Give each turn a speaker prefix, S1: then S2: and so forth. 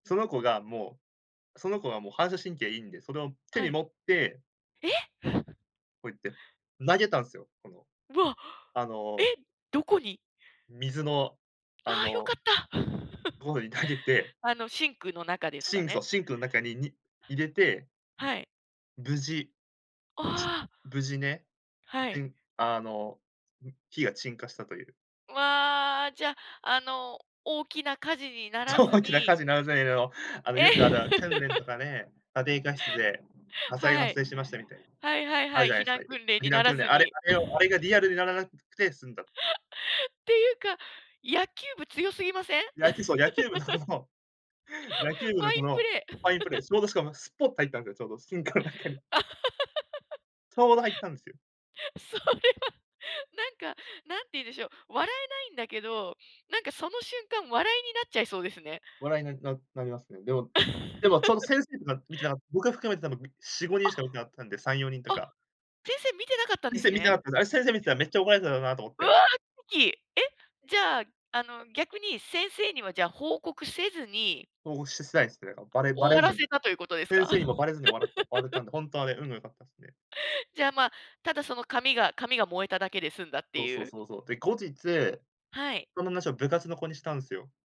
S1: その子がもうその子がもう反射神経いいんで、それを手
S2: は
S1: に
S2: い。
S1: 持って
S2: え？
S1: こうやって、投げたんすよ、この。
S2: うわ。
S1: あ
S2: え、
S1: の
S2: どこに？
S1: 水の、あ
S2: ああよか
S1: の
S2: った。
S1: ところに投げて
S2: あのシンクの中です
S1: シ
S2: か
S1: ンクそ
S2: ね？
S1: うシンクの中にに、入れて
S2: はい。
S1: 無事
S2: ああ。
S1: 無事ね、
S2: は
S1: て
S2: い。
S1: んあの、ん火が鎮火したという。
S2: わあ、じゃ、あの、大きな火事になら
S1: そう、
S2: ず
S1: 大きな火
S2: に。
S1: 事の [unintelligible] あの
S2: え。
S1: よくある訓 練とかね、家庭科室で、火災が
S2: は
S1: 発
S2: い。
S1: 生しましたみたいな。
S2: はいはい
S1: ある
S2: は
S1: じ
S2: い。
S1: ゃない
S2: 避
S1: すか、
S2: 難訓練
S1: 避
S2: に
S1: 難
S2: なら
S1: 訓練、
S2: ず
S1: あれ
S2: に。
S1: あれをあれが リアルにならなくくて済んだ。
S2: ていうか、野球部強すぎません？ファイン
S1: 野球そう、野球部の野球部のこの、
S2: プレ
S1: ファインプレ
S2: ー。
S1: ー ちょうどしかもスポッと入ったんですよ、ちょうどシンクの中に。ちょうど入ったんすよ。
S2: それは、なんか、何て言うんでしょう、笑えないんだけど、なんかその瞬間、笑いになっちゃいそうですね。
S1: 笑いに、ななりますね。でもでも、その先生とか見て な僕が含めて多分、みしごに
S2: あ、
S1: んしか見てなかったんで、3、4人と
S2: あ、
S1: か。
S2: 先生見てなかったんで
S1: 先
S2: す
S1: 生見てな
S2: ね。
S1: かった。あれ先生見てたら、めっちゃ怒られてただろなと思っ
S2: わ
S1: て。
S2: あ！奇跡！え？じゃあ、あの逆に、先生にはじゃあ、報告せずに
S1: 報告しすないすね、ばれば
S2: 終
S1: れ
S2: わ
S1: ず
S2: ら
S1: ん
S2: せたということです
S1: 先
S2: か？
S1: 生にもばれずに笑った笑っ たんで、ほんとはね、運が良かったっすね。
S2: じゃあま、ただその紙が紙が燃えただけで済んだっ
S1: そ
S2: て
S1: うそ
S2: い
S1: う
S2: う。
S1: そうそう。で、後日、
S2: はい。
S1: その話を部活の子にしたんすよ。